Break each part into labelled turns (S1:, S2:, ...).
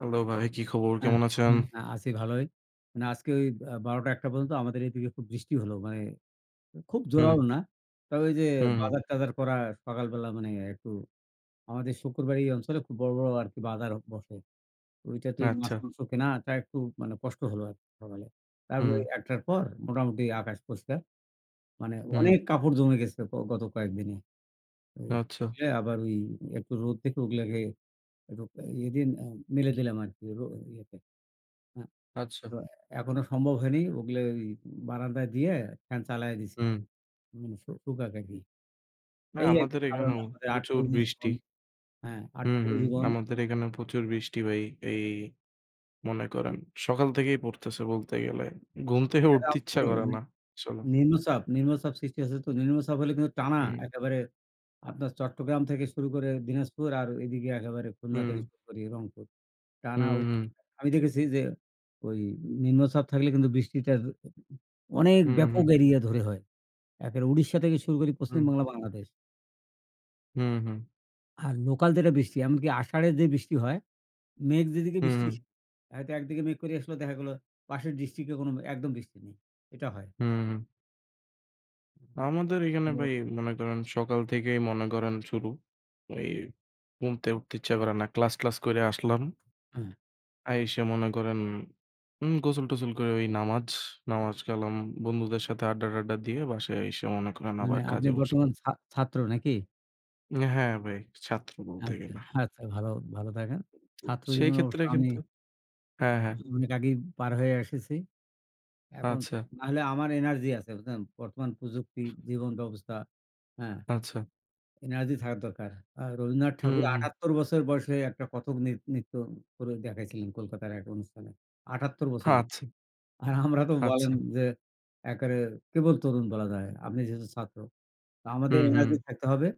S1: Hello ভাই, কি খবর?
S2: অ্যা
S1: কেমন আছেন?
S2: হ্যাঁ, আছি ভালোই। না, আজকে ওই আ ১২ টা, ১ টা পর্যন্ত আমাদের এদিকে খুব বৃষ্টি হল। মানে খুব
S1: হুম।
S2: জোরালো না। তবে ওই যে
S1: হুম।
S2: বাজার-টাজার করা সকাল বেলা মানে একটু আমাদের শুক্রবারে এই অঞ্চলে খুব বড়, বড় আর কি বাজার বসে। ওইটাতে ওই মাছ,
S1: আচ্ছা।
S2: মাংস কেনাটা একটু মানে কষ্ট হল আর কি সকালে। তারপর
S1: হুম।
S2: ১ টার পর মোটামুটি আকাশ পরিষ্কার। মানে
S1: হুম।
S2: অনেক কাপড় জমে গেছে, প গত কয়েকদিনে। ওই রোদ
S1: আচ্ছা।
S2: উঠলে আবার ওই একটু রোদ থেকে ওগুলোকে একটু ইয়ে দিয়ে ম্যা মেলে দিলাম আরকি ইয়েতে। অ্যা
S1: আচ্ছা।
S2: তো এখনো সম্ভব হয়নি। ওগুলো ঐ বারান্দায় দিয়ে ফ্যান চালাইয়া দিছি।
S1: হুম।
S2: উম শু শুকাক আর কি।
S1: না,
S2: এই আরকি
S1: আমাদের
S2: সাধারণ
S1: এখানেও প্রচুর
S2: [unintelligible]
S1: বৃষ্টি।
S2: জীবন হ্যাঁ,
S1: হুম,
S2: আটপৌড়ে
S1: হুম।
S2: জীবন।
S1: আমাদের এখানে প্রচুর বৃষ্টি ভাই, এই মনে করেন সকাল থেকেই পড়তেছে বলতে গেলে ঘুম থেকে উঠতে ইচ্ছা করে না,
S2: [unintelligible]
S1: আসলে।
S2: নিম্নচাপ, নিম্নচাপ সৃষ্টি হয়েছে তো নিম্নচাপ হলে কিন্তু টানা
S1: হুম।
S2: একেবারে আপনার চট্টগ্রাম থেকে শুরু করে দিনাজপুর আর ঐদিকে একেবারে খুলনা
S1: হুম।
S2: থেকে শুরু করে রংপুর। টানা
S1: হুম,
S2: ও
S1: হুম।
S2: আমি দেখেছি যে ওই নিম্নচাপ থাকলে কিন্তু বৃষ্টিটার অনেক
S1: হুম, হুম।
S2: ব্যাপক এরিয়া ধরে হয়। একে উড়িষ্যা থেকে শুরু করি
S1: হুম।
S2: পশ্চিমবাংলা, বাংলাদেশ।
S1: হুম, হুম।
S2: আর লোকাল যেটা বৃষ্টি এমনকি আষাঢ়ে যে বৃষ্টি হয়, মেঘ যেদিকে
S1: হুম,
S2: বৃষ্টি
S1: হুম।
S2: থাকে একদিকে মেঘ করে আসলে দেখা গেলো পাশের ডিস্ট্রিক্টে কোন একদম বৃষ্টি নেই। এটা হয়।
S1: হুম, হুম। আমাদের এইখানে
S2: [unintelligible]
S1: ভাই মনে করেন সকাল থেকেই মনে করেন শুরু। এই ঘুমতে উঠতে ইচ্ছা করে না। ক্লাস টলাস করে আসলাম
S2: হ্যাঁ।
S1: আইসা মনে করেন উম গোসল টোসল করে ঐ নামাজ, নামাজ কালাম, বন্ধুদের সাথে আড্ডা-টাড্ডা দিয়ে বাসায় আইসা মনে করেন
S2: মানে
S1: আবার
S2: আপনি
S1: কাজে বসলাম।
S2: বর্তমান ছা ছাত্র নাকি?
S1: হ্যাঁ ভাই, ছাত্র বলতে
S2: আচ্ছা,
S1: গেলে।
S2: আচ্ছা ভাল, ভালো থাকেন।
S1: সেই
S2: ছাত্রজীবনে
S1: ক্ষেত্রে
S2: অবশ্য আমি
S1: কিন্তু, হ্যাঁ হ্যাঁ।
S2: অনেক আগেই পার হয়ে এসেছি। এখন
S1: আচ্ছা।
S2: নাহলে আমার এনার্জি আছে বুঝলেন বর্তমান প্রযুক্তি জীবন ব্যবস্থা, হ্যাঁ।
S1: আচ্ছা।
S2: এনার্জি থাকা দরকার। আ রবীন্দ্রনাথ
S1: হুম,
S2: ঠাকুর
S1: হুম।
S2: ৭৮ বছর বয়সে, একটা কথক ন্রি নৃত্য করে দেখাইছিলেন কলকাতার এক অনুষ্ঠানে, ৭৮ বছরে।
S1: আচ্ছা।
S2: আর আমরা তো বলেন
S1: আচ্ছা।
S2: যে এক্কারে কেবল তরুণ বলা যায়। আপনি যেহেতু ছাত্র। তো আমাদের
S1: হুম, হুম।
S2: এনার্জি থাকতে হবে।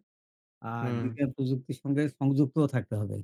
S2: আর
S1: হুম।
S2: বিজ্ঞান প্রযুক্তির সঙ্গে সংযুক্তও থাকতে হবে।